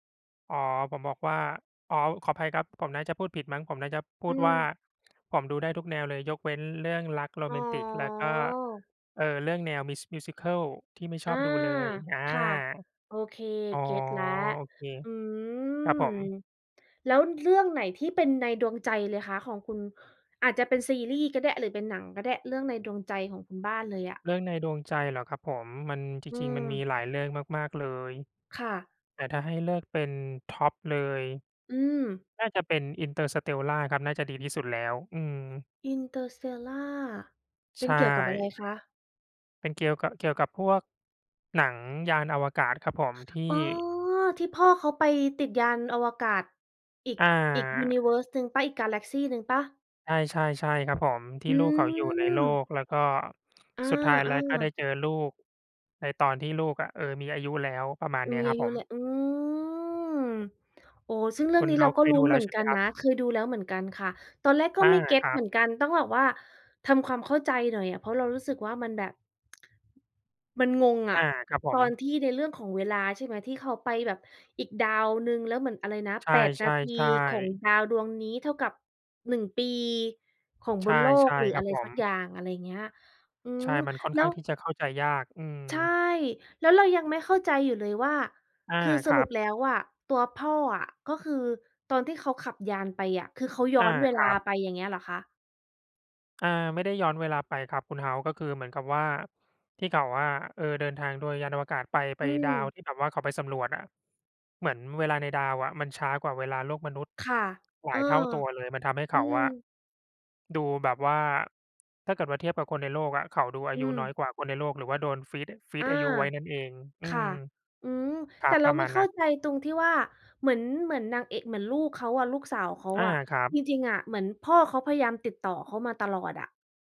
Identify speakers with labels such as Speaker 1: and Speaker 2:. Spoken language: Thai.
Speaker 1: อ๋อ ผมบอกว่า อ๋อ ขออภัย ครับ ผมน่าจะพูดผิดมั้ง ผมน่าจะพู
Speaker 2: อื
Speaker 1: ดว่า
Speaker 2: ม
Speaker 1: "ผมดูได้ทุกแนวเลย ยกเว้นเรื่องรักโร
Speaker 2: อ๋
Speaker 1: แมนติก แล้วก็
Speaker 2: อ
Speaker 1: เอ่อ เรื่องแนว Musi Musical ที่ไม่ช
Speaker 2: อา
Speaker 1: อบดูเลย" อา
Speaker 2: ค่ะ โอเค
Speaker 1: อ๋อ
Speaker 2: เก็ตแล้ว
Speaker 1: โอเค
Speaker 2: อื
Speaker 1: ครับ
Speaker 2: ม
Speaker 1: ผม
Speaker 2: แล้วเรื่องไหนที่เป็นในดวงใจเลยคะของคุณ อาจจะเป็นซีรีส์ก็ได้ หรือเป็นหนังก็ได้เรื่องในดวงใจของคุณบ้านเลยอะ
Speaker 1: เรื่องในดวงใจเหรอครับผม มัน จ
Speaker 2: อื
Speaker 1: ริง ๆ มันมี
Speaker 2: ม
Speaker 1: หลายเรื่องมาก ๆ เลย
Speaker 2: ค่ะ
Speaker 1: แต่ถ้าให้เลือกเป็นท็อปเลย
Speaker 2: อืม
Speaker 1: น่าจะเป็น "Interstellar" ครับ น่าจะดีที่สุดแล้ว อืม
Speaker 2: Interstellar เป
Speaker 1: ใ
Speaker 2: ็
Speaker 1: ช
Speaker 2: นเกี่ยวกับอะไร
Speaker 1: ่
Speaker 2: คะ?
Speaker 1: เป็นเกี่ยวกะ เกี่ยวกับพวก หนังยานอวกาศครับผม ที
Speaker 2: อ๋
Speaker 1: ่
Speaker 2: อ ที่พ่อเขาไปติดยานอวกาศ อีก อีก ยู
Speaker 1: อา
Speaker 2: นิเวิร์ส หนึ่งเปล่า อีกกาแล็กซีหนึ่งเปล่า?
Speaker 1: ใช่ ๆ ใช่ครับผม ที
Speaker 2: อื
Speaker 1: ่ลูกเขาอยู่ในโล
Speaker 2: ม
Speaker 1: ก แล้วก็
Speaker 2: อ
Speaker 1: สุดท้ายแล้วก็ไ
Speaker 2: า
Speaker 1: ด้
Speaker 2: ๆ
Speaker 1: เจอลูกในตอนที่ลูกอะ เออ มีอายุแล้ว ประมาณ
Speaker 2: อ
Speaker 1: เนี้ย
Speaker 2: มี
Speaker 1: คร
Speaker 2: อ
Speaker 1: ั
Speaker 2: า
Speaker 1: บ
Speaker 2: ย
Speaker 1: ผ
Speaker 2: ุแล
Speaker 1: ม
Speaker 2: ะ อืม โอ้ ซึ่งเรื่
Speaker 1: ค
Speaker 2: อ
Speaker 1: ุ
Speaker 2: ง
Speaker 1: ณ
Speaker 2: นี้
Speaker 1: เฮ
Speaker 2: เร
Speaker 1: า
Speaker 2: า
Speaker 1: ส์
Speaker 2: ก
Speaker 1: เ
Speaker 2: ็
Speaker 1: ค
Speaker 2: ล
Speaker 1: ย
Speaker 2: ุ้
Speaker 1: ดู
Speaker 2: น
Speaker 1: แล
Speaker 2: เห
Speaker 1: ้
Speaker 2: มื
Speaker 1: ว
Speaker 2: อ
Speaker 1: ใ
Speaker 2: น
Speaker 1: ช่ไ
Speaker 2: ก
Speaker 1: ห
Speaker 2: ั
Speaker 1: ม
Speaker 2: น
Speaker 1: ครั
Speaker 2: น
Speaker 1: บ?
Speaker 2: ะ คือดูแล้วเหมือนกันค่ะ ตอนแรกก
Speaker 1: อ
Speaker 2: ็
Speaker 1: า
Speaker 2: ไม่เก็ต
Speaker 1: ครั
Speaker 2: เหม
Speaker 1: บ
Speaker 2: ือนกัน ต้องแบบว่าทำความเข้าใจหน่อยอะ เพราะเรารู้สึกว่ามันแบบ มันงงอ
Speaker 1: อา
Speaker 2: ะ
Speaker 1: ครับผ
Speaker 2: ตอ
Speaker 1: ม
Speaker 2: นที่ในเรื่องของเวลา ใช่ไหม ที่เขาไปแบบอีกดาวหนึ่ง แล้วเหมือน อะไรนะ
Speaker 1: ใช
Speaker 2: 8 นาที
Speaker 1: ่
Speaker 2: ของ
Speaker 1: ๆ ๆ
Speaker 2: ดาวดวงนี้เท่ากับ 1 ปีของ
Speaker 1: ใช
Speaker 2: บ
Speaker 1: ่
Speaker 2: นโล
Speaker 1: ใช
Speaker 2: ก
Speaker 1: ่
Speaker 2: หรือ
Speaker 1: คร
Speaker 2: อ
Speaker 1: ั
Speaker 2: ะ
Speaker 1: บ
Speaker 2: ไร
Speaker 1: ผ
Speaker 2: สัก
Speaker 1: ม
Speaker 2: อย่าง อะไรเงี้ย อื
Speaker 1: ใช่
Speaker 2: ม
Speaker 1: มันค่อน
Speaker 2: แล
Speaker 1: ข
Speaker 2: ้
Speaker 1: ้า
Speaker 2: ว
Speaker 1: งที่จะเข้าใจยาก อื
Speaker 2: ใช่
Speaker 1: ม
Speaker 2: แล้วเรายังไม่เข้าใจอยู่เลยว่า
Speaker 1: อา
Speaker 2: คือส
Speaker 1: คร
Speaker 2: ร
Speaker 1: ั
Speaker 2: ุป
Speaker 1: บ
Speaker 2: แล้วอะตัวพ่ออะ ก็คือตอนที่เขาขับยานไปอะ คือเขาย้
Speaker 1: อ
Speaker 2: อ
Speaker 1: า
Speaker 2: นเว
Speaker 1: ค
Speaker 2: ลา
Speaker 1: รับ
Speaker 2: ไป อย่างเงี้ยเหรอคะ?
Speaker 1: อา ไม่ได้ย้อนเวลาไปครับคุณเฮาส์ ก็คือเหมือนกับว่า ที่เขาอะ เออ เดินทางโดยยานอวกาศไป ไป
Speaker 2: อื
Speaker 1: ดาว
Speaker 2: ม
Speaker 1: ที่แบบว่าเขาไปสำรวจอะ เหมือนเวลาในดาวอะมันช้ากว่าเวลาโลกมนุษย์
Speaker 2: ค่ะ
Speaker 1: หล
Speaker 2: เอ
Speaker 1: า
Speaker 2: อ
Speaker 1: ยเท่าตัวเลย มันทำให้เ
Speaker 2: อ
Speaker 1: ข
Speaker 2: ื
Speaker 1: าอะ
Speaker 2: ม
Speaker 1: ดูแบบว่า ถ้าเกิดว่าเทียบกับคนในโลกอะ เขาดูอา
Speaker 2: อื
Speaker 1: ยุน้อย
Speaker 2: ม
Speaker 1: กว่าคนในโลก หรือว่าโดนฟรีซ อ ฟรี
Speaker 2: อ
Speaker 1: ซ
Speaker 2: า
Speaker 1: อายุไว้นั่นเอง อื
Speaker 2: ค่
Speaker 1: ม
Speaker 2: ะ อืม
Speaker 1: คร
Speaker 2: แ
Speaker 1: ั
Speaker 2: ต่
Speaker 1: บ
Speaker 2: เร
Speaker 1: ป
Speaker 2: า
Speaker 1: ระ
Speaker 2: ไ
Speaker 1: ม
Speaker 2: ม่
Speaker 1: าณ
Speaker 2: เข
Speaker 1: น
Speaker 2: ้
Speaker 1: ั้
Speaker 2: า
Speaker 1: น
Speaker 2: ใจตรงที่ว่า เหมือน เหมือนนางเอะ เหมือนลูกเขาอะ ลูกสาวเขา
Speaker 1: อา
Speaker 2: อะ
Speaker 1: ครับ
Speaker 2: จริง ๆ อะเหมือนพ่อเขาพยายามติดต่อเขามาตลอดอะ